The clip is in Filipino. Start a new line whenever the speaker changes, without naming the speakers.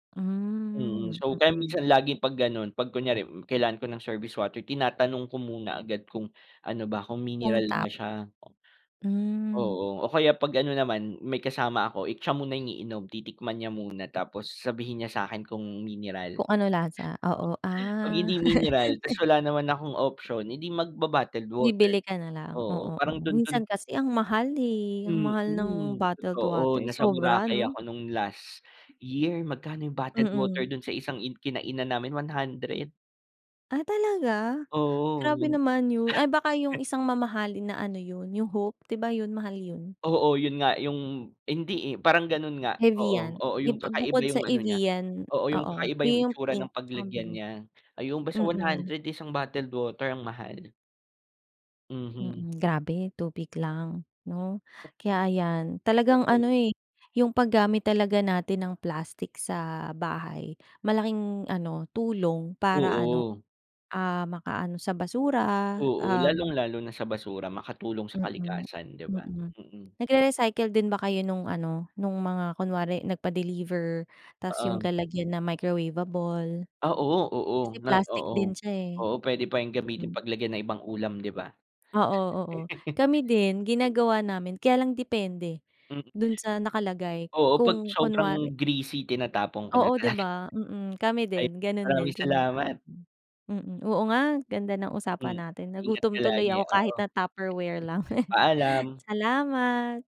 Mm,
Hmm,
so kaya
mm.
minsan laging 'pag gano'n. 'Pag kunyari, hmm kailangan ko ng service water tinatanong ko muna agad kung ano ba, kung
Kung
mineral
tap.
na siya,
Hmm.
o kaya 'pag ano naman, may kasama ako, eh, siya muna yung iniinom. Titikman niya muna, tapos sabihin niya sa'kin kung mineral.
Kung ano lasa. Oo,
Oo, 'Pag
ah.
hindi mineral, tapos wala naman akong option, edi magba-bottled water.
Bibili ka na lang.
Oo,
Oo, oo
parang do'n do'n
minsan kasi ang mahal eh. Ang mahal ng
Mm.
bottled
Totoo,
water,
nasa
sobra,
Boracay
ano?
ako no'ng last year. Magkano yung bottled water
Mm.
do'n sa isang in kinainan namin? 100.
Ah, talaga?
Oo,
Grabe
yung
naman 'yon. Ah, baka yung isang mamahalin na ano 'yon, yung Hope, 'di ba yun, mahal yun?
Oo 'yon nga yung hindi eh, parang gano'n nga. Oo,
Evian
oo yung
eb
kakaiba
bukod sa
'yong ano niya.
Evian
Oo 'yong
oo,
kakaiba
'yon
'yong
yung
itsura
pink
ng
tsaka
paglagyan
blue.
niya. Ayun, basta 100 isang bottled water, ang mahal. Mhm.
Mm, grabe tubig lang, 'no? Kaya ayan, talagang ano
Oo.
eh, yung paggamit talaga natin ng plastic sa bahay, malaking ano tulong para, ano,
Oo.
ah, makaano sa basura.
Oo,
Um
lalong-lalo na sa basura, makatulong sa
Mm.
kalikasan, 'di ba.
Mm.
Mm.
Nagre-recycle din ba kayo nung ano, nung mga kunwari, nagpa-deliver tapos yung
Oo.
lalagyan na microwavable?
Ah, oo, oo.
Kasi
Ah,
plastic din
oo.
siya eh.
Oo, puwede pa yung gamitin
Mm.
paglagayan ng ibang ulam, 'di ba?
Oo, oo. Kami din
Mm.
ginagawa namin kaya lang depende,
Hm,
do'n sa nakalagay.
Oo, 'pag
Kung
sobrang
kunwari
greasy, tinatapon ko na
Oo, 'di
talaga.
ba? Mm, kami
Ay,
din, gano'n din,
maraming salamat!
tinatapon. Mm. Oo nga, ganda ng usapan
Mm.
natin,
Ingat
nagutom
ka
tuloy
lagi,
ako
oo.
kahit na Tupperware lang.
Paalam!
Salamat!